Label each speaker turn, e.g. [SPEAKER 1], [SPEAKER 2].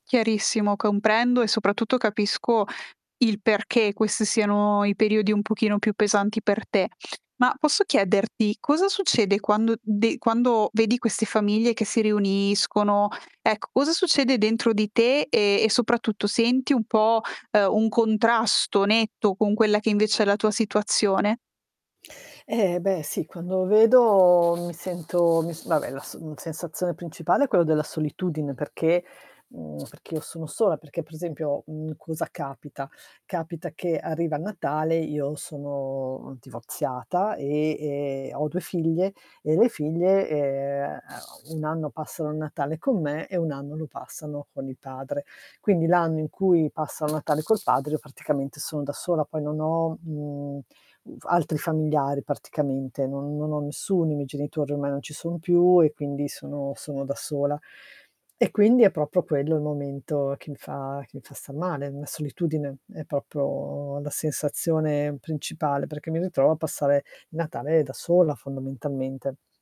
[SPEAKER 1] Chiarissimo, comprendo e soprattutto capisco il perché questi siano i periodi un pochino più pesanti per te. Ma, posso chiederti: cosa succede quando de quando vedi queste famiglie che si riuniscono, ecco, cosa succede dentro di te? E e soprattutto senti un po', ehm, un contrasto netto con quella che invece è la tua situazione?
[SPEAKER 2] Eh, beh, sì. Quando vedo mi sento mi s vabbè, la s mhmm, sensazione principale è quello della solitudine perché mhmm, perché io sono sola. Perché, per esempio, mhmm, cosa capita, capita che arriva il Natale, io sono divorziata, e e ho 2 figlie, e le figlie, ehm, 1 anno passano il Natale con me e 1 anno lo passano con il padre. Quindi, l'anno in cui passano il Natale col padre io praticamente sono da sola poi non ho, mhmm, uv altri familiari praticamente, non non ho nessuno, i miei genitori ormai non ci sono più e quindi sono sono da sola. E quindi è proprio quello il momento che mi fa che mi fa star male. Mhmm, solitudine è proprio la sensazione principale, perché mi ritrovo a passare Natale da sola fondamentalmente.